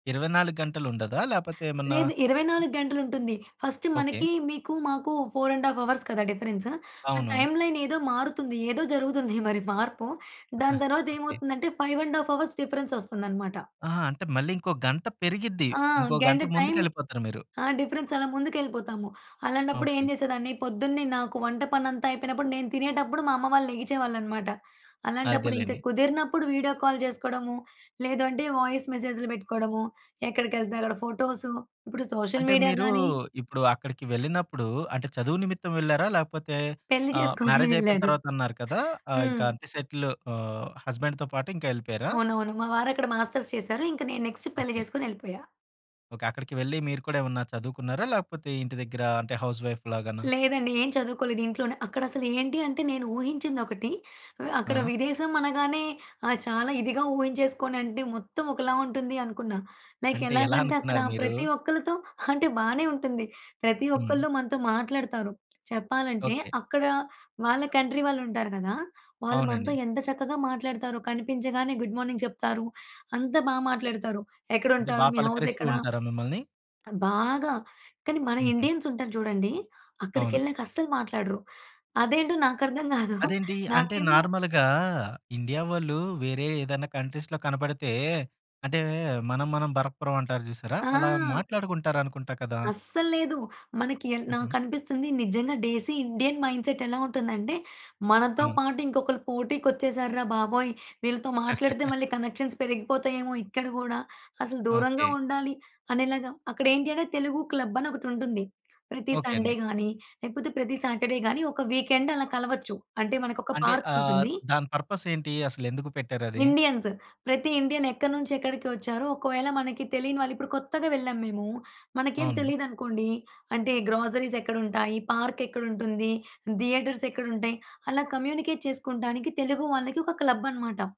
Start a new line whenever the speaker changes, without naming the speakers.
24 గంటలుండదా? లేపోతే ఏమన్నా
లేదు. ఇరవై
ఆ!
నాలుగు గంటలుంటుంది. First
okay.
మనకి మీకు మాకు 4½ అవర్స్ కదా డిఫరెన్స్ ఆ
అవును.
టైమ్‌లై‌న్ ఏదో మారుతుంది. ఏదో జరుగుతుంది మరి మార్పు దాని
ఓకే.
తర్వాతేమవుతుందంటే, 5½ అవర్స్ డిఫరెన్సొస్తుందనమాట.
ఆహా! అంటే మళ్ళీ ఇంకో గంట పెరిగిద్ది.
ఆ!
ఇంకో గంట
గంట టైమ్
ముందుకెళ్ళిపోతారు మీరు.
ఆ! డిఫరెన్సలా ముందుకెళ్ళిపోతాము. అలాంటప్పుడేం
ఓకే.
చేసేదాన్ని పొద్దున్నే నాకు వంట పనంతా అయిపోయినప్పుడు, నేను తినేటప్పుడు మా అమ్మ వాళ్ళు లెగిచేవాళ్ళనమాట. అలాంటప్పుడు ఇంక
అదేలేండి.
కుదిరినప్పుడు వీడియో కాల్ చేసుకోడము. లేదంటే, వాయిస్ మెసేజ్‌లు బెట్టుకోవడము, ఎక్కడికెళ్తే అక్కడ ఫోటోసు. ఇప్పుడు సోషల్
అంటే
మీడియా
మీరూ
గానీ
ఇప్పుడు అక్కడికి వెళ్ళినప్పుడు అంటే, చదువు నిమిత్తం వెళ్లారా? లేపోతే
పెళ్ళి
ఆహ్,
చేసుకొనే
మ్యారేజయిపోయిన
వెళ్ళారు.
తర్వాత అన్నారు కదా! ఆ! ఇంక
హ్మ్.
అంటే సెటిలు ఆహ్, హస్బాండ్‌తో పాటు ఇంకెళ్ళిపోయారా?
అవునవును. మా వారక్కడ మాస్టర్స్ చేసారు. ఇంక నేను నెక్స్ట్ పెళ్ళి
ఓకే.
చేసుకొనెళ్ళిపోయా.
ఓకే. అక్కడికి వెళ్ళి మీరు కూడా ఏమన్నా చదువుకున్నారా? లేపోతే, ఇంటి దగ్గర అంటే హౌస్ వైఫ్ లాగానా?
లేదండి. ఏం చదువుకోలేదు. ఇంట్లోనే అక్కడసలు ఏంటి అంటే నేను ఊహించిందొకటి. అక్కడ
ఆ!
విదేశమనగానే ఆహ్, చాలా ఇదిగా ఊహించేసుకొనంటే మొత్తం ఒకలా ఉంటుందనుకున్నా. లైక్
అంటే
ఎలాగంటే అక్కడ
ఎలానుకున్నారు మీరు?
ప్రతి ఒక్కరితో అంటే బానే ఉంటుంది. ప్రతి
హ్మ్.
ఒక్కళ్ళు మనతో మాట్లాడతారు. చెప్పాలంటే,
ఓకే.
అక్కడ వాళ్ళ కంట్రీ వాళ్ళుంటారు గదా! వాళ్ళు మనతో
అవునండి.
ఎంత చక్కగా మాట్లాడుతారో కనిపించగానే గుడ్ మార్నింగ్ చెప్తారు. అంత బా మాట్లాడతారు.
అంటే బా
ఎక్కడుంటారు, మీ
పలకరిస్తూ
హౌసెక్కడ.
ఉంటారా మిమ్మల్ని?
బాగా. కానీ, మన
హుహు.
ఇండియన్సుంటారు చూడండి
అవును.
అక్కడికెళ్ళినాకస్సలు మాట్లాడరు. అదేంటో నాకు అర్థం గాదు.
అదేంటీ? అంటే
నాకేమో
నార్మల్‌గా ఇండియా వాళ్ళు వేరే ఏదైనా కంట్రీస్‌లో కనపడితే అంటే, మనం, మనం భరక్పురమంటారు చూసారా అలా
ఆ!
మాట్లాడుకుంటారనుకుంటా కదా?
అస్సల్లేదు. మనకి య
హుహు.
నాకనిపిస్తుంది నిజంగా డేసీ ఇండియన్ మైండ్సెట్ ఎలా ఉంటుందంటే,
ఆ!
మనతో పాటు ఇంకొకలు పోటీకొచ్చేసారు రా బాబోయ్! వీళ్ళతో మాట్లాడితే మళ్ళి కనెక్షన్ పెరిగిపోతాయేమో ఇక్కడ గూడా అసలు దూరంగా
ఓకే.
ఉండాలి అనేలాగా అక్కడేంటి అంటే తెలుగు క్లబని ఒకటుంటుంది. ప్రతి
ఓకే
సండే
అండి.
గానీ, లేపోతే ప్రతి సాటర్‌డే గానీ, ఒక వీకెండ్ అలా కలవచ్చు. అంటే మనకొక
అంటే ఆహ్,
పార్కుంటుంది.
దాని పర్పసేంటి అసలెందుకు పెట్టారది?
ఇండియన్స్ ప్రతి ఇండియన్ ఎక్కడి నుంచెక్కడికొచ్చారో, ఒకవేళ మనకి తెలీని వాళ్ళు ఇప్పుడు కొత్తగా వెళ్ళాం మేము. మనకేం
అవును.
తెలీదనుకోండి అంటే గ్రోసరీసెక్కడుంటాయి, పార్కెక్కడుంటుంది, థియేటర్సెక్కడుంటాయి అలా కమ్యూనికేట్ చేసుకుంటానికి తెలుగు వాళ్ళకి ఒక క్లబ్బనమాట.